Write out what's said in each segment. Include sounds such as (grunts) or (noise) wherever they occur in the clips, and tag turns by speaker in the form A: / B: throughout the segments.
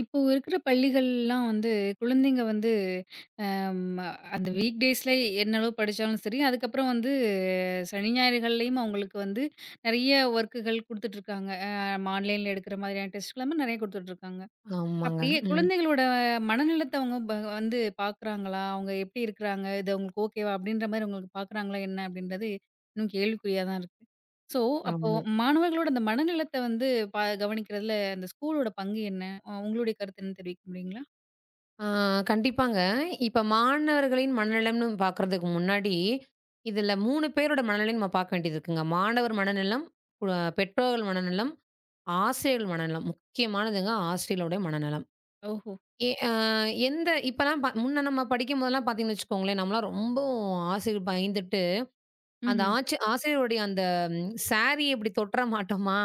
A: இப்போ இருக்குற பள்ளிகள் எல்லாம் வந்து, குழந்தைங்க வந்து, ஆ, அந்த வீக் டேஸ்ல என்னளவு படிச்சாலும் சரி அதுக்கப்பறம் வந்து சனி, ஞாயிறுகள்லயும் அவுங்களுக்கு வந்து, நிறைய வொர்க்கள் குடுத்துட்டு இருக்காங்க. ஆ ஆன்லைன் எடுக்குற மாதிரியான டெஸ்ட் எல்லாமே நிறைய குடுத்துட்டு இருக்காங்க.
B: ஆமாங்க.
A: அப்டியே
B: ம்.
A: குழந்தைகளோட மனநிலத்தை, (unintelligible) வ வந்து பாக்குறாங்களா? அவுங்க எப்டி இருக்காங்க? இது அவுங்களுக்கு ஓகேவா அப்டின்ற மாதிரி உங்களுக்குப் பாக்குறாங்களா? என்ன அப்படின்றது இன்னும் கேள்விக் குறியாதான் இருக்கு. சோ அப்போ
B: ஆமா.
A: மாணவர்களோட அந்த மனநிலத்த வந்து பா கவனிக்கறதுல அந்த ஸ்கூல்லோட பங்கு என்ன? உங்களோட கருத்து என்ன? தெரிவிக்க முடியுங்களா?
B: ஆ, கண்டிப்பாங்க. இப்ப மாணவர்களின் மனநலம்ன்னு பாக்குறதுக்கு முன்னாடி, இதுல 3 பேரோட மனநலம் பாக்க வேண்டியது இருக்குங்க. மாணவர் மனநலம், (unintelligible) பெற்றோர்கள் மனநலம், ஆசிரியர்கள் மனநலம். முக்கியமானதுங்க ஆசிரியருடைய மனநலம்.
A: ஓஹோ!
B: எ அ எந்த இப்ப எல்லாம் முன்ன நம்ம படிக்கம்போது எல்லாம் பாத்தீங்கன்னு வச்சுக்கோங்களேன், நம்ம எல்லாம் ரொம்போ ஆசிரியர் பயந்துட்டு அந்த
A: ம்ஹ்ம்.
B: ஆச்சி ஆசிரியர் அந்தச் சாரி இப்டி தொட்டுற மாட்டமா?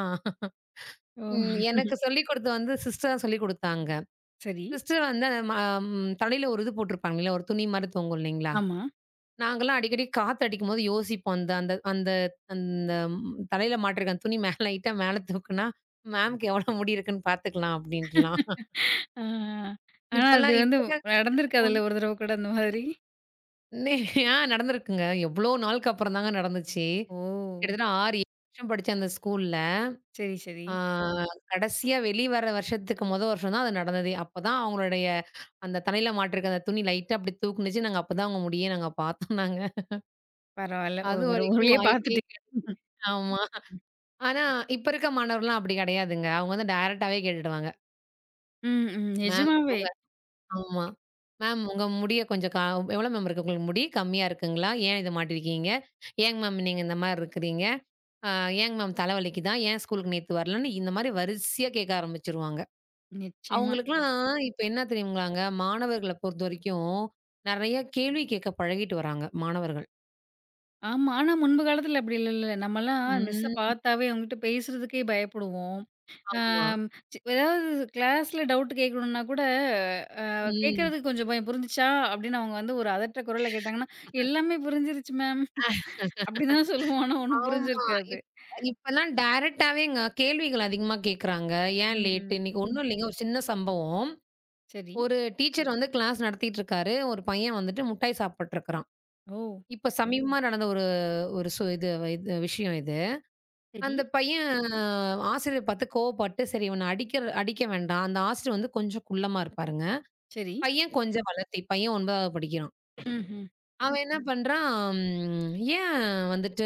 A: ஓ! (laughs)
B: எனக்குச் சொல்லிக்கொடுத்து வந்து சிஸ்டர் சொல்லிக்கொடுத்தாங்க.
A: சரி.
B: சிஸ்டர் வந்து, ஆ ம தலையில ஒரு இது போட்டிருப்பாங்க இல்ல ஒரு துணி மாதிரி தொங்கும் இல்லீங்களா?
A: ஆமா.
B: நாங்கல்லாம் அடிக்கடி காத்து அடிக்கும்போது யோசிப்போம். அந்த அந்த அந்த தலைல மாட்டுறக்க துணி மேல லைட்டா மேல தூக்குனா மேம்க்கு எவ்வளவு முடி இருக்குன்னு பாத்துக்கலாம் அப்டின்ட்டுலாம்.
A: ஆ, ஆ, ஆ. அது
B: இப்பெல்லாம்
A: வந்து
B: இப்ப
A: நடந்திருக்காதுல்ல ஒரு தடவை கூட அந்த மாதிரி.
B: இருக்கிற நடந்திருக்குங்க. எவ்ளோ நாள்க்கு அப்பறம் தாங்க நடந்துச்சு.
A: ஓ!
B: கிட்டத்தட்ட 6 வருஷம் படிச்சேன் அந்த ஸ்கூல்ல.
A: சரி, சரி.
B: ஆ, கடைசியா வெளிவர வருஷத்துக்கு மொத வருஷம் தான் அது நடந்தது. அப்பத் தான் அவங்களுடைய அந்தத் தலையில மாட்டுற துணி லைட்டா அப்டி தூக்குனுச்சு. நாங்க அப்பத் தான் அவுங்க முடியை நாங்க பாத்தோன்னாங்க
A: பரவால்ல. ஒரு
B: அதுவரைக்கும்
A: வர்றவழிலயே
B: வாய்ப்பே
A: பாத்துட்டு
B: கிடை.
A: ம்.
B: ஆமா. ஆனா இப்ப இருக்க மாணவர்கள் எல்லாம் அப்டி கிடையாதுங்க. அவுங்க வந்து டைரக்ட்டாவே கேட்டுட்டு வாங்க.
A: ம், ம்.
B: மேம்
A: நிஜமாவே!
B: சொல்லுங்க. ஆமா மேம் உங்க முடிய கொஞ்சம் கா எவ்ளோ மேம் இருக்கு உங்களுக்கு முடி? கம்மியா இருக்குங்களா? ஏன் இத மாட்டி இருக்கீங்க? ஏங் மேம் நீங்க இந்த மாதிரி இருக்கிறீங்க? அ ஏன்ங் மேம் தல வலிக்குதா? ஏன் ஸ்கூலுக்கு நேத்து வரலைன்னு இந்த மாரி வரிசையா கேட்க ஆரம்பிச்சிருவாங்க.
A: நிச்சயமா.
B: அவங்களுக்குலாம் இப்ப என்ன தெரியுங்களாங்க? மாணவர்களைப் பொறுத்தவரைக்கும் நிறைய கேள்வி கேட்கப் பழகிட்டு வர்றாங்க மாணவர்கள்.
A: ஆமா. ஆனா, முன்புகாலத்துல அப்படி இல்லல்ல. நம்மள்லாம் மிஸ்ஸ
B: ம்.
A: பாத்தாவே அவங்ககிட்ட பேசுறதுக்கே பயப்படுவோம்.
B: ஆமா.
A: அம் ஏதாவது கிளாஸ்ல டவுட் கேக்கணும்னா கூட, அ
B: ம்.
A: கேக்குறதுக்கு கொஞ்சம் பயம். புரிஞ்சிச்சா? அப்டின்னு அவங்க வந்து ஒரு அதட்டுற குரல்ல கேட்டாங்கன்னா,
B: (laughs)
A: எல்லாமே புரிஞ்சிடுச்சு மேம். அப்படி தான் சொல்லுவோம்.
B: (laughs)
A: ஆனா ஒண்ணும் புரிஞ்சு
B: ஆமா.
A: இருக்காது.
B: இப்ப இப்பலாம் டேரைக்ட்டாவேங்க கேள்விகள் அதிகமா கேக்குறாங்க. ஏன்
A: ம்,
B: லேட்டு?
A: ம்.
B: இன்னைக்கு ஒண்ணும் இல்லைங்க. ஒரு சின்ன சம்பவம்.
A: சரி.
B: ஒரு டீச்சர் வந்து கிளாஸ் நடத்திட்டு இருக்காரு. ஒரு பையன் வந்துட்டு முட்டாய் சாப்பிட்டு இருக்கிறான்.
A: ஓ!
B: இப்ப சமீபமா நடந்த ஒரு ஸ் ஒரு இது இது விஷயம் இது.
A: சரி.
B: அந்தப் பையன் ஆசிரியர் பாத்து கோப்பட்டு, சரி இவனை அடிக்க அடிக்க வேண்டாம். அந்த ஆசிரியர் கொஞ்சம் குள்ளமா இருப்பாருங்க.
A: சரி.
B: பையன் கொஞ்சம் வளத்தி. பையன் 9வது படிக்கிறான்.
A: ம்ஹ்ம்.
B: அவன் என்ன பண்றான்? ஏன் வந்துட்டு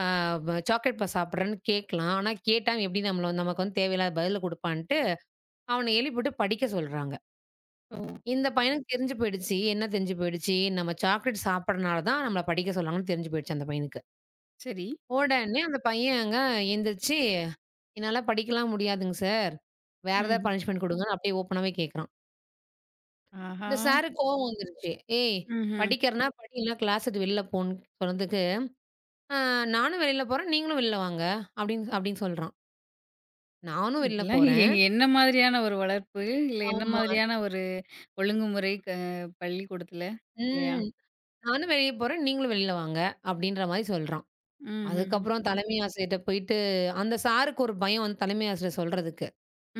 B: ஆ ப சாக்லேட் பார் சாப்பிடுறேன்னு கேட்கலாம். ஆனா, கேட்டா எப்டி நம்மள நமக்கு வந்து தேவையில்லாத பதில குடுப்பான்ட்டு, அவனை எழுப்பி விட்டுப் படிக்கச் சொல்றாங்க.
A: ஓ.
B: இந்தப் பையனுக்கு தெரிஞ்சு போயிடுச்சு. என்ன தெரிஞ்சு போயிடுச்சு? நம்ம சாக்லேட் சாப்பிடுறனால தான் நம்மள படிக்கச் சொல்றாங்கன்னு தெரிஞ்சு போயிடுச்சு அந்தப் பையனுக்கு.
A: சரி.
B: உடனே அந்த பையன் அங்க எந்திருச்சு, என்னால படிக்கல்லாம் முடியாதுங்க சார். வேற ஏதாவது
A: ம்ஹ்ம்.
B: பனிஷ்மென்ட் குடுங்கன்னு அப்டியே ஓபன்னாவே கேட்கிறான். இந்த
A: ஆஹா!
B: சார்க்கு கோவம் வந்துருச்சு. ஏய்,
A: ம்ஹ்ம்.
B: படிக்கிறன்னா படி. இல்லன்னா கிளாஸ விட்டு வெளில போன்னு சொன்னதுக்கு, ஆ "நானும் வெளியில போறேன். நீங்களும் வெளில வாங்க" அப்டின்னு அப்டின்னு சொல்றான். நானும் வெளில
A: இதெல்லாம்
B: போறேன்
A: என்ன மாதிரியான ஒரு வளர்ப்பு? இல்ல என்ன
B: ஆமா.
A: மாதிரியான ஒரு ஒழுங்குமுறை? க பள்ளிக்கூடத்துல இல்லையா?
B: ம். நானும் வெளிய போறேன். நீங்களும் வெளில வாங்க! அப்டின்ற மாரி சொல்றான்.
A: ம்ஹ்ஹ்ம்.
B: அதுக்கப்பறம் தலைமை ஆசிரியர்ட்ட போயிட்டு அந்த சார்க்கு ஒரு பயம் வந்து தலைமை ஆசிரியர் சொல்றதுக்கு.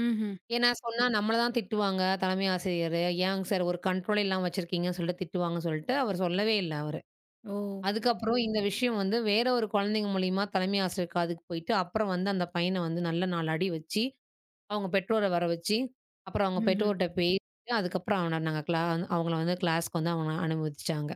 A: ம்ஹ்ம்.
B: ஏனா, சொன்னா நம்மள தான் திட்டுவாங்க, தலைமை ஆசிரியர். ஏங்க சார் ஒரு கன்ட்ரோலே இல்லாம வச்சிருக்கீங்கன்னு சொல்ட்டு திட்டுவாங்க சொல்ட்டு, அவர் சொல்லவே இல்ல அவரு.
A: ஓ.
B: அதுக்கப்பறம் இந்த விஷியம் வந்து, வேற ஒரு குழந்தைங்க மூலியமா தலைமை ஆசிரியர் காதுக்கு போயிட்டு, அப்பறம் வந்து அந்தப் பையனை வந்து நல்ல 4 அடி வச்சு, அவுங்க பெற்றோரை வர வச்சு, அப்பறம் அவுங்க
A: ம்ஹும்.
B: பெற்றோர்ட்ட பேசி, அதுக்கப்பறம் அவன நாங்க கிளா அவங்கள வந்து கிளாஸ்க்கு வந்து அவன அனுமதிச்சாங்க.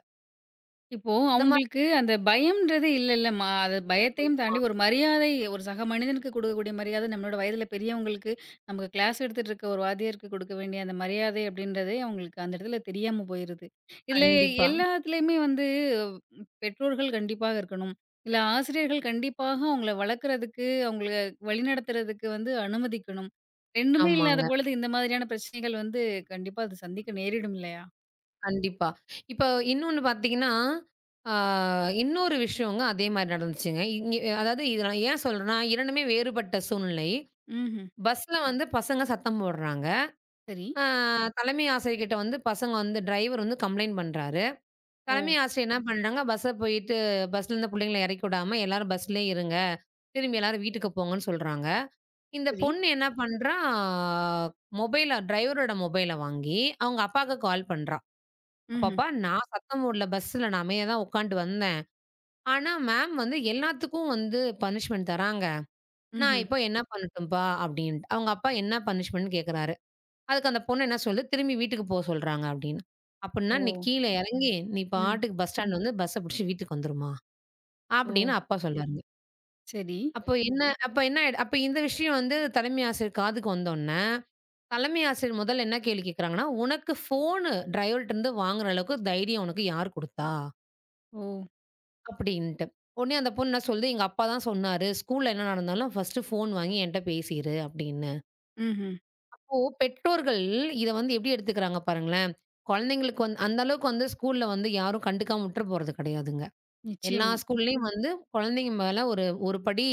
A: இப்போது
B: இந்த மா
A: அவங்களுக்கு
B: (unintelligible)
A: அந்தப் பயம் என்கிறது இல்லை, இல்லை, அம்மா அது பயத்தையும் தாண்டி
B: (unintelligible)
A: ஒரு மரியாதை. ஒரு சக மனிதனுக்கு கொடுக்கக்கூடிய மரியாதை, நம்மளோட வயதில் பெரியவங்களுக்கு நமக்கு க்ளாஸ் எடுத்துட்டு இருக்க ஒரு வாத்தியருக்கு கொடுக்க வேண்டிய அந்த மரியாதை அப்படி என்றதே அவங்களுக்கு அந்த இடத்தில் தெரியாமல் போயிருக்கு. இதில் எ
B: கண்டிப்பா.
A: எல்லாத்திலுமே வந்து பெற்றோர்கள் கண்டிப்பாக இருக்க வேண்டும். இல்லை ஆசிரியர்கள் கண்டிப்பாக அவங்களை வளர்க்கிறதுக்கு, அவங்களை வழிநடத்துகிறதுக்கு வந்து அனுமதிக்க வேண்டும். 2 இல்லாத
B: ஆமாங்க.
A: பொழுது இந்த மாதிரியான பிரச்சனைகள் வந்து, கண்டிப்பாக அது சந்திக்க நேரிடும் இல்லையா?
B: கண்டிப்பா. இப்போது இன்னொன்று பார்த்தீங்க என்றால், அ இன்னொரு விஷயம்-ங்க, அதே மாதிரி நடந்துச்சுங்க. இங்க அதாவது இதை நான் ஏன் சொல்கிறேன் என்றால், 2மே வேறுபட்ட சூழ்நிலை.
A: ம்ஹ்ம்.
B: பஸ்ஸில் வந்து பசங்க சத்தம் போடுகிறாங்க.
A: சரி.
B: அ தலைமை ஆசிரியர் கிட்ட வந்து பசங்க வந்து டிரைவர் வந்து கம்ப்ளயண்ட் பண்ணுகிறார். தலைமை
A: ஓ.
B: ஆசிரியர் என்ன பண்ணுகிறாங்க? பேருந்திற்குச் சென்று, பஸ்ஸில் இருந்த புள்ளைகளை இறக்கி விடாமல் எல்லாரும் பஸ்ஸிலேயே இருங்க. திரும்பி எல்லாரும் வீட்டுக்குப் போங்க என்று சொல்கிறாங்க. இந்தப்
A: சரி.
B: பொண்ணு என்ன பண்றா? மொபைலில் ட்ரைவரோட மொபைலில் வாங்கி, அவங்க அப்பாவுக்கு கால் பண்ணுகிறா "அப்பா,
A: ம்ஹ்ம்.
B: அப்பா, நான் சத்தம் போடவில்லை. பஸ்ஸில் நான் அமைதியாக தான் உட்கார்ந்து வந்தேன். ஆனா மேம் வந்து எல்லாத்துக்கும் வந்து பனிஷ்மென்ட் தருகிறாங்க. நான்
A: ம்ஹ்ம்.
B: இப்போது என்ன பண்ணட்டும், அப்பா?" அப்படி என்றிட்டு. அவங்க அப்பா என்ன பனிஷ்மென்ட்னு என்று கேட்கிறார். அதற்கு அந்தப் பொண்ணு என்ன சொல்கிறது? "திரும்பி வீட்டுக்குப் போ என்று சொல்கிறாங்க" அப்படி என்று. "அப்படி என்றால், நீ
A: ஓ!
B: கீழே இறங்கி நீ
A: ம்.
B: பாட்டுக்கு பஸ் ஸ்டாண்ட் வந்து பஸ்ஸை பிடிச்சுக்கிட்டு வீட்டுக்கு வந்துருவியா?" அப்படி
A: ஓ!
B: என்று அப்பா சொல்கிறாருங்க.
A: சரி.
B: அப்ப என்ன அப்ப என்ன ஆய்டு அப்ப இந்த விஷியம் வந்து தலைமை ஆசிரியர் காதுக்கு வந்தவுனே, தலைமை ஆசிரியர் முதல்ல என்ன கேள்வி கேக்குறாங்கன்னா, "உனக்கு ஃபோனு, டிரைவர்ட்ட இருந்து வாங்குற அளவுக்கு தைரியம் உனக்கு யாரு குடுத்தா?"
A: ஓ.
B: கப்டின்னுட்டு. உனே அந்தப் பொண்ணு என்ன சொல்லுது, "எங்க அப்பா தான் சொன்னாரு. ஸ்கூல்ல என்ன நடந்தாலும் ஃபர்ஸ்ட்டு ஃபோன் வாங்கி என்ட்ட பேசிரு" அப்படின்னு.
A: ம்ஹ்ம்.
B: அப்போ, பெற்றோர்கள் இத வந்து எப்டி எடுத்துக்கிறாங்க? பாருங்களேன். குழந்தைகளுக்கு வந்து அந்த அளவுக்கு வந்து ஸ்கூல்ல வந்து யாரும் கண்டுக்காம விட்டுற போறது கிடையாதுங்க. எல்லா
A: நிச்சயமா.
B: ஸ்கூல்லயும் வந்து குழந்தைங்க மேல ஒரு ஒரு படி,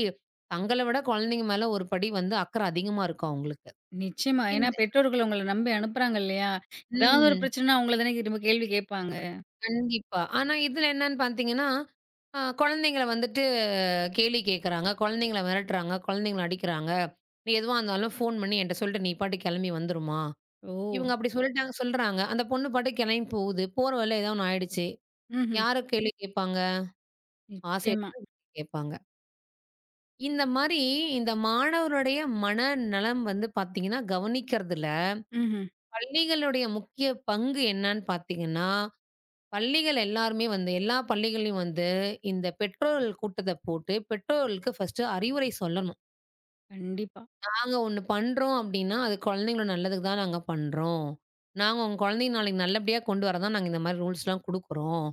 B: தங்களை விட குழந்தைங்க மேல ஒரு படி வந்து அக்கறை அதிகமா இருக்கும் அவுங்களுக்கு.
A: நிச்சயமா. ஏனா,
B: இந்த
A: பெற்றோர்கள் உங்களை நம்பி அனுப்புறாங்க இல்லையா? (inhales) எதாவது ஒரு
B: ம்.
A: பிரச்சனைனா உங்களைத் தான திரும்ப கேள்வி கேப்பாங்க.
B: கண்டிப்பா. ஆனா இதுல என்னன்னு பாத்தீங்கன்னா, அ குழந்தைங்கள வந்துட்டு கேள்வி கேக்குறாங்க. குழந்தைங்களை மிரட்டுறாங்க. குழந்தைங்களை அடிக்கிறாங்க. நீ எதுவா இருந்தாலும் போன் பண்ணி என்ட்ட சொல்ட்டு, நீ பாட்டுக்குக் கிளம்பி வந்துருமா!
A: ஓ.
B: இவுங்க அப்டி சொல்ட்டாங்க சொல்றாங்க. அந்தப் பொண்ணு பாட்டுக்குக் கிளம்பி போகுது. போற வழில ஏதோ ஒண்ணு ஆயிடுச்சு.
A: ம்ஹ்ம்.
B: யாரு கேள்வி கேட்பாங்க? ஆசிரியர
A: நிச்சயமா.
B: தான் (unintelligible) கேட்பாங்க. இந்த மாரி, இந்த மாணவர்களுடைய மனநலம் வந்து பாத்தீங்கன்னா, கவனிக்கிறதுல
A: ம்ஹ்ம்.
B: பள்ளிகளுடைய முக்கிய பங்கு என்னன்னு பாத்தீங்கன்னா, பள்ளிகள் எல்லாருமே வந்து எல்லா பள்ளிகளிலும் வந்து இந்தத் பெற்றோர்கள் கூட்டத்த போட்டு, பெற்றோர்களுக்கு ஃபர்ஸ்ட் அறிவுரை சொல்லணும்.
A: கண்டிப்பா.
B: நாங்க ஒண்ணு பண்றோம் அப்டின்னா, அது குழந்தைங்களோ நல்லதுக்கு தான் நாங்க பண்றோம். நாங்க உங்க குழந்தைங்க நாளைக்கு நல்லபடியா கொண்டு வரத் தான் நாங்க இந்த மாரி ரூல்ஸ்லாம் குடுக்கிறோம்,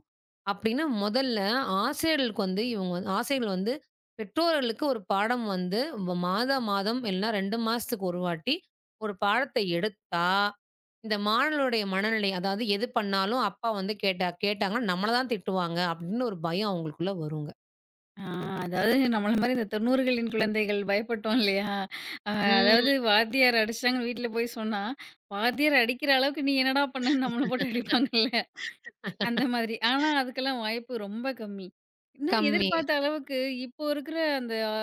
B: அப்டின்னு முதல்ல ஆசிரியர்களுக்கு வந்து இவுங்க வந் ஆசிரியர்கள் வந்து பெற்றோர்களுக்கு ஒரு பாடம் வந்து, மாதா மாதம் இல்லன்னா, 2 மாசத்துக்கு ஒரு வாட்டி 1 பாடத்த எடுத்தா, இந்த மாணவர்களுடைய மனநிலை அதாவது, எது பண்ணாலும் அப்பா வந்து கேட்டா கேட்டாங்கன்னா, நம்மள தான் திட்டுவாங்க அப்ன்னு ஒரு பயம் அவுங்களுக்குள்ள வருங்க.
A: ஆ, அதாவது, நம்மள மாரி இந்தத் 90களின் குழந்தைகள் பயப்பட்டோம் இல்லையா? அ அதாவது
B: ம்.
A: வாத்தியார் அடிச்சுட்டாங்கன்னு வீட்டுல போய்ச் சொன்னா, வாத்தியார் அடிக்கிற அளவுக்கு நீ என்னடா பண்ணன்னு, நம்மள போட்டு அடிப்பாங்கள்ல! அந்த மாதிரி. ஆனா,
B: (laughs)
A: அதுக்கெல்லாம் வாய்ப்பு ரொம்ப கம்மி. ஏன்னா,
B: கம்மி.
A: எதிர்பார்த்த அளவுக்கு இப்போ இருக்குற அந்த அ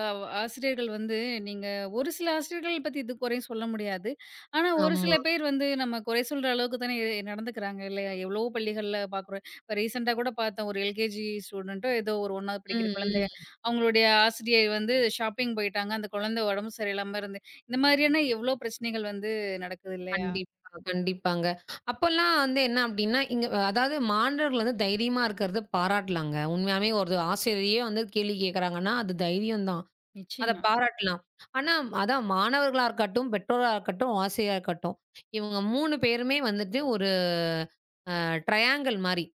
A: ஆசிரியர்கள் வந்து நீங்க ஒரு சில ஆசிரியர்களைப் பத்தி இது குறை சொல்ல முடியாது. ஆனா, ஒரு
B: ஆமா.
A: சில பேர் வந்து, நம்ம குறை சொல்ற அளவுக்குத் தான் இ நடந்துக்குறாங்க இல்லையா? எவ்வளவோ பள்ளிகள்ல பாக்குறேன். இப்ப ரீசென்ட்டா கூடப் பாத்தோம், ஒரு எல்.கே.ஜி. ஸ்டூடண்ட்டோ ஏதோ ஒரு 1வது படிக்கிற
B: ம்,
A: குழந்தை.
B: ம்.
A: அவுங்களுடைய ஆசிரியர் வந்து ஷாப்பிங் போயிட்டாங்க. அந்த குழந்தை உடம்பு சரியில்லாம இருந்து இந்த மாரியான எவ்வோ பிரச்சனைகள் வந்து நடக்குது இல்லையா?
B: கண்டிப்பா, கண்டிப்பாங்க. (inhales) அப்பல்லாம் வந்து என்ன அப்டின்னா, இங் அதாவது மாணவர்கள் வந்து தைரியமா இருக்கிறதை பாராட்டலாங்க. உண்மையாவே ஒரு ஆசிரியரே வந்து கேள்வி கேக்குறாங்கன்னா, அது தைரியம்தான். அத
A: நிச்சயமா.
B: பாராட்டலாம். ஆனா அதான் மாணவர்களா இருக்கட்டும், பெற்றோரா இருக்கட்டும், ஆசிரியரா இருக்கட்டும். இவங்க 3 பேருமே வந்துட்டு ஒரு, அ ட்ரையாங்கிள் மாரி. (grunts)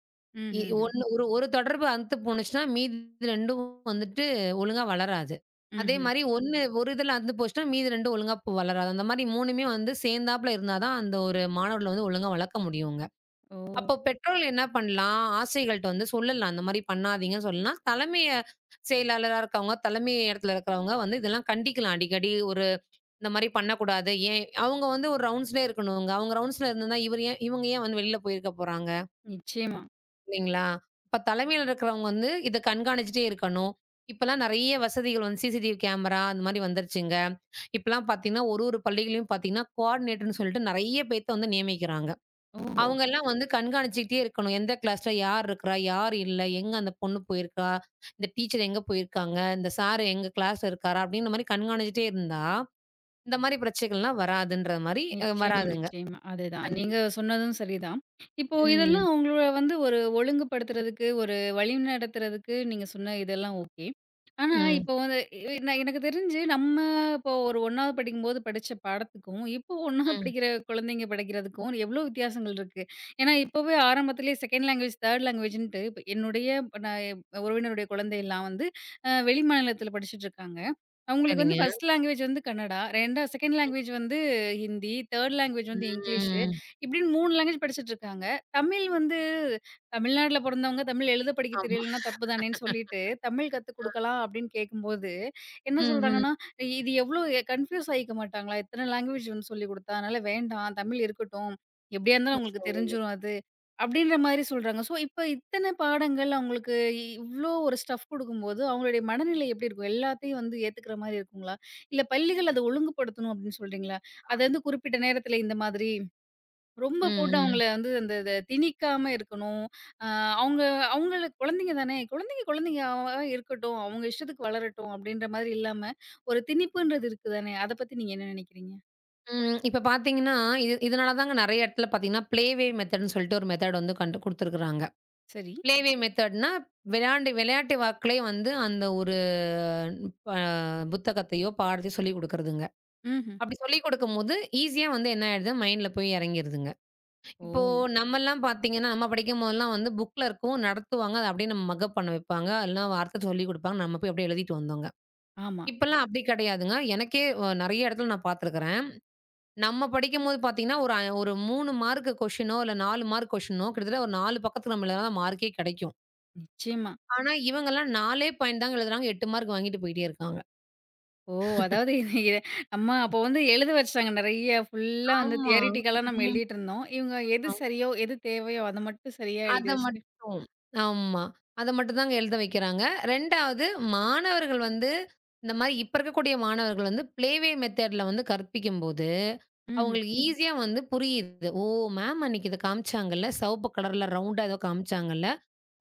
B: இ
A: ம்ஹ்ஹ்ம்.
B: ஒண்ணு ஒரு 1 தொடர்பு அந்து போணுச்சுனா மீதி 2ம் வந்துட்டு ஒழுங்கா வளராது. அதே
A: ம்ஹ்ம்.
B: மாரி ஒண்ணு, 1 இதுல அந்து போச்சுனா, மீதி 2ம் ஒழுங்கா வளராது. அந்த மாரி 3மே வந்து சேந்தாப்புல இருந்தாதான் அந்த ஒரு மாணவர்களை ஒழுங்கா வளக்க முடியும்ங்க.
A: ஓ.
B: அப்போ, பெற்றோர்கள் என்ன பண்ணலாம்? ஆசிரியர்கள்ட்ட வந்து சொல்லலாம். அந்த மாரி பண்ணாதீங்கன்னு சொல்லலாம். தலைமையச் (inhales) செயலாளராக இருக்கவங்க, தலைமை இடத்தில இருக்கறவங்க வந்து இதெல்லாம் கண்டிக்கலாம். அடிக்கடி ஒரு இந்த மாரி பண்ணக்கூடாது. ஏன்? அவுங்க வந்து ஒரு ரவுண்ட்ஸ்லயே இருக்கணும்ங்க. அவுங்க ரவுண்ட்ஸ்ல இருந்தா, இவரு ஏ இவங்க ஏன் வந்து வெளியில போயிருக்க போறாங்க?
A: நிச்சயமா.
B: இல்லிங்கலா ?அப்போ தலைமைல இருக்கவங்க வந்து இத கண்கானுச்சிட்டே இருக்கணும். இப்ப எல்லாம் நிறைய வசதிகள் வன் சிசிடிவி கேமரா அந்த மாரி வந்துருச்சுங்க. இப்பல்லாம் பார்த்தீங்கன்னா 1, 1 பள்ளிகளிலும் பாத்தீங்கன்னா கோர்டினேட்டர்ன்னு சொல்லிட்டு நிறைய பேர்த்தை வந்து நியமிக்கிறாங்க.
A: ஓ!
B: அவங்க எல்லாம் வந்து கண்காணச்சிட்டே இருக்கணும். எந்த க்லாஸ்ல யார் இருக்கரா? யார் இல்லை? எங்க அந்தப் பொண்ணு போயிருக்கா? இந்த டீச்சர் எங்க போயிருக்காங்க, இந்த சார் எங்க க்ளாஸ்ல இருக்காரா? அப்படிங்கற மாரி கண்காணச்சிட்டே இருந்தா, இந்த மாதிரி பிரச்சனைகள் எல்லாம் வராதுன்ற மாரி
A: நிச்சயமா,
B: வராதுங்க.
A: நிச்சயமா. அது தான்
B: கண்டிப்
A: நீங்க சொன்னதும் சரி தான். இப்போ
B: ம்.
A: இதெல்லாம் உங்களை வந்து 1 ஒழுங்கு படுத்துறதுக்கு 1 வழி நடத்துறதுக்கு நீங்கச் சொன்ன இதெல்லாம் ஓகே. ஆனா
B: ம்.
A: இப்போ வந்து ஏ நா எனக்குத் தெரிஞ்சு நம்ம இப்போ ஒரு 1ணாவது படிக்கும் போது படிச்ச பாடத்துக்கும், இப்போ 1ணாவது
B: ம்.
A: படிக்கிற குழந்தைங்க படிக்கிறதுக்கும் எவ்ளோ வித்தியாசங்கள் இருக்கு. ஏன்னா இப்பவே ஆரம்பத்துலயே செக்கண்டு லாங்குவேஜ் தேர்டு லாங்குவேஜ்ன்ட்டு இப் என்னுடைய இப்போ நா உறவினருடைய குழந்தை எல்லாம் வந்து அ வெளி மாநிலத்துல படிச்சிட்டு இருக்காங்க. அவங்களுக்கு வந்து
B: சரிங்க.
A: பஸ்ட் லாங்குவேஜ் வந்து கன்னடா 2ஆ செக்கண்டு
B: ம்.
A: லாங்குவேஜ் வந்து ஹிந்தி தேர்டு லாங்குவேஜ் வந்து இங்கிலீஷு.
B: ம்.
A: இப்படி மூணு லாங்குவேஜ் படிச்சிட்டு இருக்காங்க. தமிழ் வந்து தமிழ்நாட்டுல பொறந்தவங்க தமிழ் எழுதப் படிக்கத்
B: ஆமா
A: தெரியலன்னா தப்பு தானேன்னு சொல்லிட்டு "தமிழ் கத்து
B: ஆ.
A: கொடுக்கலாம்" அப்டின்னு கேக்கும்போது என்ன
B: ம்ஹ்ம்.
A: சொல்றாங்கன்னா, "இது எவ்ளோ அ கன்புயூஸ் ஆயிக்கமாட்டாங்களா? இத்தனை லாங்குவேஜ் சொல்லிக் குடுத்தா அதனால வேண்டாம். தமிழ் இருக்கட்டும். எப்படியா இருந்தாலும் அவங்களுக்குத்
B: சரி.
A: தெரிஞ்சுரும் அது." அப்படின்ற மாதிரி சொல்றாங்க. ஸோ இப்போ இத்தனை பாடங்கள் அவங்களுக்கு இவ்ளோ 1 ஸ்டஃப் கொடுக்கும்போது, அவங்களுடைய மனநிலை எப்படி இருக்கும்? எல்லாத்தையும் ஏத்துக்கற மாதிரி இருக்குங்களா? இல்ல பள்ளிகள் அதை ஒழுங்குபடுத்தணும் அப்டின்னு சொல்றீங்களா? அது வந்து குறிப்பிட்ட நேரத்துல இந்த மாதிரி. ரொம்ப
B: ம்,
A: போட்டு
B: ம்.
A: அவங்கள வந்து இந்த இத திணிக்காம இருக்கணும். அ அவங்க அவங்களு குழந்தைங்க தானே. குழந்தைங்க குழந்தைங்க அவங்களா இருக்கட்டும். அவங்க இஷ்டத்துக்கு வளரட்டும் அப்படின்ற மாதிரி இல்லாம 1 திணிப்புன்றது இருக்கு தானே. அத பத்தி நீங்க என்ன நினைக்கிறீங்க?
B: ம். இப்ப பாத்தீங்கன்னா இ இதனாலதான்ங்க நெறைய இடத்துல பாத்தீங்கன்னா ப்ளே வே மெத்தேடுன்னு சொல்லிட்டு ஒரு மெத்தேடு வந்து கண்டு கொடுத்திருக்காங்க.
A: சரி.
B: ப்ளே வே மெத்தேடுன்னா விளையாண்டு விளையாட்டு வாக்லே வந்து அந்த ஒரு ப புத்தகத்தையோ, பாடத்தையோ சொல்லிக் கொடுக்கிறதுங்க.
A: ம்ஹும்.
B: அப்டி சொல்லிக்கொடுக்கும்போது ஈசியா வந்து என்ன ஆயிடுது மைன்ட்ல போயி இறங்கிடுதுங்க. இப்போ
A: ஓ!
B: நம்மலாம் பாத்தீங்கன்னா, நம்ம படிக்கும் போதெல்லாம் வந்து புக்ல இருக்கும். நடத்துவாங்க. அத அப்டியே நம்ம மக்கப் பண்ண வெப்பாங்க. இல்லனா வாத்தை சொல்லிக் கொடுப்பாங்க. நம்ம போய் அப்டியே எழுதிட்டு வந்தோங்க.
A: ஆமா.
B: இப்பலாம் அப்டி கடையாதுங்க. எனக்கே நெறைய இடத்துல நான் பாத்துருக்கறேன். நம்ம படிக்கும்போது பாத்தீங்கன்னா ஒரு ஐ ஒரு 3 மார்க் கொஸ்டியனோ இல்ல 4 மார்க் கொஸ்டியனோ கிட்டத்தட்ட ஒரு 4 பக்கத்துக்கு மேல மார்கே கடைக்கும்.
A: நிச்சயமா.
B: ஆனா இவங்கலாம் 4 ஏ பாயின்ட் தான் எழுதுறாங்க. 8 மார்க் வாங்கிட்டு போயிட்டே இருக்காங்க.
A: ஓ! அதாவது இவிங்க. நம்ம அப்போ
B: (laughs)
A: வந்து எழுத வச்சுட்டாங்க நெறைய. ஃபுல்லா வந்து
B: ஆமா,
A: தியரிட்டிக்கல்லா எல்லாம்
B: ம்.
A: எழுதிட்டு இருந்தோம். இவங்க எது
B: ஆ.
A: சரியோ, எது தேவையோ அத மட்டும் சரியா
B: அத
A: எழுதிவச்சுட்டு
B: மட்டும், ஆமா. அத மட்டும் தாங்க எழுத வைக்கிறாங்க. 2 வது மாணவர்கள் வந்து இந்த மாரி இப்ப இருக்கக்கூடிய மாணவர்கள் வந்து ப்ளே வே மெத்தேடு வந்து கற்பிக்கும்போது
A: ம்ஹும்.
B: அவங்களுக்கு ஈசியா வந்து புரியுது. ஓ! மேம் அன்னைக்கு இத காமிச்சாங்க இல்ல. சவப்பு கலர் ரவுன்ட் எதோ காமிச்சாங்க இல்ல.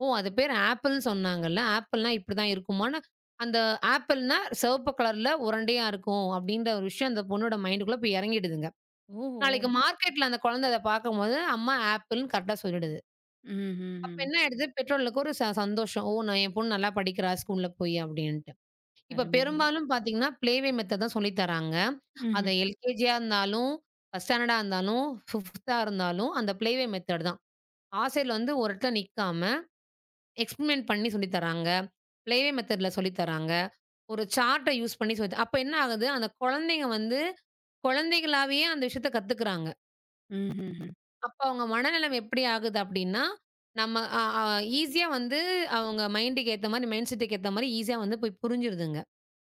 B: ஓ அது பேர் ஆப்பிள்ன்னு சொன்னாங்க இல்ல. ஆப்பிள்னா இப்டி தான் இருக்குமானு. அந்த ஆப்பிள்னா சிவப்பு கலர் உருண்டையா இருக்கும் அப்டின்ற ஒரு விஷயம் அந்தப் பொண்ணோட மைன்ட்குள்ள போய் இறங்கிடுதுங்க. நாளைக்கு
A: ஓஹோ!
B: மார்க்கெட் அந்த குழந்த அத பாக்கும் போது அம்மா ஆப்பிள்ன்னு கரெக்டா சொல்லிடுது.
A: ம்,
B: அப்ப
A: ம்ஹும்.
B: என்ன ஆயிடுது? பெற்றோர்களுக்கு ஒரு ச சந்தோஷம். ஓ! என் பொண்ணு நல்லா படிக்கிறா ஸ்கூல போயி அப்டின்னு. இப்ப
A: அருமைங்க
B: பெரும்பாலும் பாத்தீங்கன்னா ப்ளே வே மெத்தேடு தான் சொல்லித் தராங்க. அது
A: ம்ஹும்.
B: LKGஆ இருந்தாலும், 1 ஸ்டேண்டர்டா இருந்தாலும், 5 இருந்தாலும் அந்த ப்ளே வே மெத்தேடு தான். ஆசிரியர் வந்து ஒரு இடத்துல நிக்காம எக்ஸ்பெரிமென்ட் பண்ணி சொல்லித் தராங்க. ப்ளே வே மெத்தேடுல சொல்லித் தராங்க. ஒரு சார்ட் யூஸ் பண்ணி சொல்லித் தராங்க. அப்ப என்ன ஆகுது? அந்தக் குழந்தைங்க வந்து குழந்தைகளாவே அந்த விஷயத்தைக் கத்துக்கறாங்க.
A: ம்ஹ்ஹ்ம்.
B: அப்ப அவங்க மனநிலைமை எப்படி ஆகுது? அப்படின்னா, நம்ம அ அ ஈஸியா வந்து அவங்க மைண்ட்க்கு ஏத்த மாரி, மைண்ட்செட்க்கு ஏத்த மாரி ஈஸியா வந்து புரிஞ்சுருதுங்க.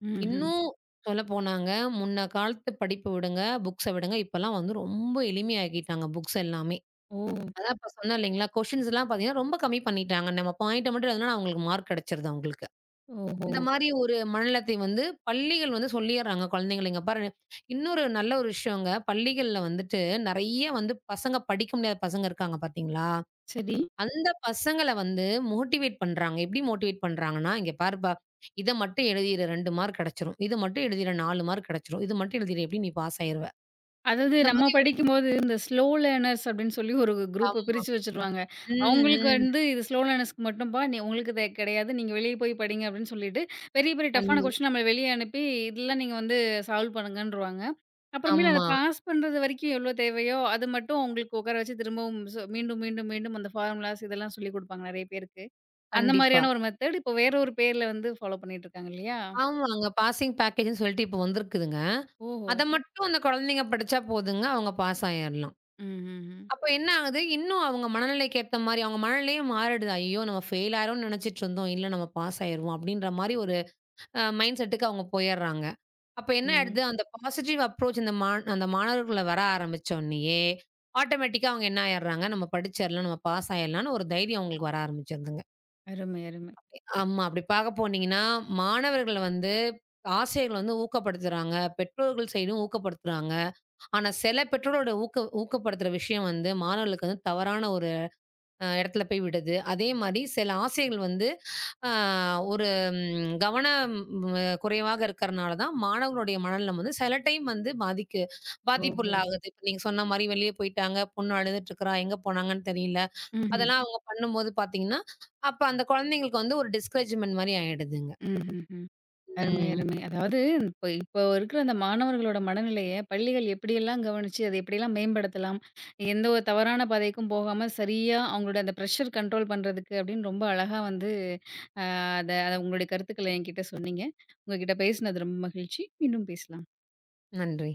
A: ம்ஹும்.
B: இன்னும் சொல்ல போனாங்க, முன்ன காலத்து படிப்பு விடுங்க. புக்ஸ்ஸ விடுங்க. இப்பல்லாம் வந்து ரொம்ப எளிமையா ஆக்கிட்டாங்க, புக்ஸ் எல்லாமே.
A: ஓ.
B: அதான் இப்ப சொன்னேன் இல்லைங்களா? குவெஸ்டின்ஸ் எல்லாம் ரொம்ப கம்மி பண்ணிட்டாங்க. நம்ம பாயிண்ட்ட மட்டும் எழுதுனா அவங்களுக்கு மார்க் கிடைச்சுருது அவங்களுக்கு. இந்த
A: ஓஹோ!
B: மாரி ஒரு மனநிலத்தை வந்து, பள்ளிகள் வந்து சொல்லிடுறாங்க குழந்தைகள. இங்க பாரு இன்னொரு நல்ல ஒரு விஷயங்க. பள்ளிகள்ல வந்துட்டு, நெறைய வந்து பசங்க படிக்க முடியாத பசங்க இருக்காங்க பாத்தீங்களா?
A: சரி.
B: அந்த பசங்கள வந்து மோட்டிவேட் பண்றாங்க. எப்படி மோட்டிவேட் பண்றாங்கன்னா, இங்க பாருப்பா! இத மட்டும் எழுதிடு 2 மார்க் கெடைச்சுடும். இது மட்டும் எழுதிடு 4 மார்க் கெடைச்சுடும். இது மட்டும் எழுதிடு, எப்படியும் நீ பாஸ் ஆயிடுவ.
A: அதாவது
B: இந்த
A: நம்ம
B: மாரி ஒரு
A: படிக்கும்போது, இந்த ஸ்லோ லேர்னர்ஸ் அப்படின்னு சொல்லி ஒரு குரூப்ப
B: ஆமா.
A: பிரிச்சு வச்சிருவாங்க.
B: ம்,
A: அவங்களுக்கு
B: ம்.
A: வந்து இது ஸ்லோ லேர்னர்ஸ்க்கு மட்டும்ப்பா. உங்களுக்கு இது கிடையாது. நீங்க வெளிய போய் படிங்க அப்படின்னு சொல்லிட்டு, பெரிய பெரிய டஃப்னா
B: (unintelligible)
A: குவெஸ்டியன் நம்மள வெளிய அனுப்பி இதெல்லாம் நீங்க வந்து சால்வ் பண்ணுங்கன்றுவாங்க. அப்புறமேல் அதை
B: ஆமா.
A: பாஸ் பண்றது வரைக்கும் எவ்ளோ தேவையோ, அத மட்டும் அவுங்களுக்கு உக்கார வச்சு திரும்பவும் சொ மீண்டும், மீண்டும், மீண்டும் அந்த ஃபார்முலாஸ் இதெல்லாம் சொல்லி குடுப்பாங்க நெறைய பேருக்கு. அந்த
B: கண்டிப்பா.
A: மாரியான ஒரு மெத்தட் இப்ப வேற ஒரு பேர்ல வந்து ஃபாலோ பண்ணிட்டு இருக்காங்க இல்லையா?
B: ஆமாங்க. பாசிங் பேக்கேஜ்னு சொல்லிட்டு இப்ப வந்திருக்குதுங்க.
A: ஓஹோ!
B: அத மட்டும் அந்த குழந்தைங்க படிச்சா போதுங்க, அவங்க பாஸ் ஆயிரலாம்.
A: ம்ஹ்ஹ்ம்.
B: அப்ப என்ன ஆகுது? இன்னும் அவங்க மனநிலைக்கு ஏத்த மாரி, அவங்க மனநிலையும் மாறிடுது. அய்யோ! நாம ஃபெயில் ஆயுருவோம்னு நினைச்சுட்டு இருந்தோம். இல்ல நம்ம பாஸ் ஆயிருவோம் அப்படின்ற மாரி ஒரு அ மைண்ட்செட்க்கு அவங்க போயறாங்க. அப்ப என்ன ஆயிடுது?
A: ம்.
B: அந்த பாசிட்டிவ் அப்ரோச் அந்த மா அந்த மாணவர்கள்ல வர ஆரம்பிச்ச உடனயே ஆட்டோமேட்டிக்கா அவங்க என்ன ஆயிர்றாங்க, நம்ம படிச்சர்லாம், நம்ம பாஸ் ஆயிடலாம்னு ஒரு தைரியம் அங்களுக்கு வர ஆரம்பிச்சதுங்க.
A: அருமை, அருமை.
B: (unintelligible) ஆமா, அப்படி பாக்க போனீங்கன்னா, மாணவர்கள்ல வந்து ஆசிரியர்கள் வந்து ஊக்கப்படுத்துறாங்க. பெற்றோர்கள் சைடும் ஊக்கப்படுத்துறாங்க. ஆனா, சில பெற்றோரோட ஊக்க ஊக்கப்படுத்துற விஷயம் வந்து மாணவர்களுக்கு தவறான ஒரு அ இடத்துல போய் விடுது. அதே மாரி சில ஆசிரியர்கள் வந்து ஆ ஒரு கவனம் குறைவாக இருக்கறனால தான் மாணவர்களுடைய மனநிலைமாது சில டைம் வந்து பாதிக்கு
A: ஓஹோ.
B: பாதிப்புள்ளாகுது. இப்ப நீங்க சொன்ன மாரி வெளிய போயிட்டாங்க. பொண்ணு அழுதுட்டு இருக்கா. எங்க போனாங்கன்னு தெரியல.
A: ம்ஹ்ம்.
B: அதெல்லாம் அவங்க பண்ணும் போது பாத்தீங்கன்னா, அப்ப அந்த குழந்தைகளுக்கு வந்து ஒரு டிஸ்கரேஜ்மென்ட் மாரி ஆயிடுதுங்க.
A: ம்ஹ்ஹ்ம். அருமை,
B: ம்.
A: அருமை. அதாவது இப்ப இப்ப இருக்குற அந்த மாணவர்களோட மனநிலையை, பள்ளிகள் எப்படியெல்லாம் கவனிச்சு அத எப்படியெல்லாம் மேம்படுத்தலாம்? எந்தவொரு தவறான பாதைக்கும் போகாம, சரியா அவங்களோட அந்த பிரஷர் கன்ட்ரோல் பண்றதுக்கு அப்படின்னு ரொம்ப அழகா வந்து, ஆ அத உங்களுடைய கருத்துக்களை என்கிட்ட சொன்னீங்க. உங்ககிட்ட பேசுனது ரொம்ப மகிழ்ச்சி. மீண்டும் பேசலாம்.
B: நன்றி!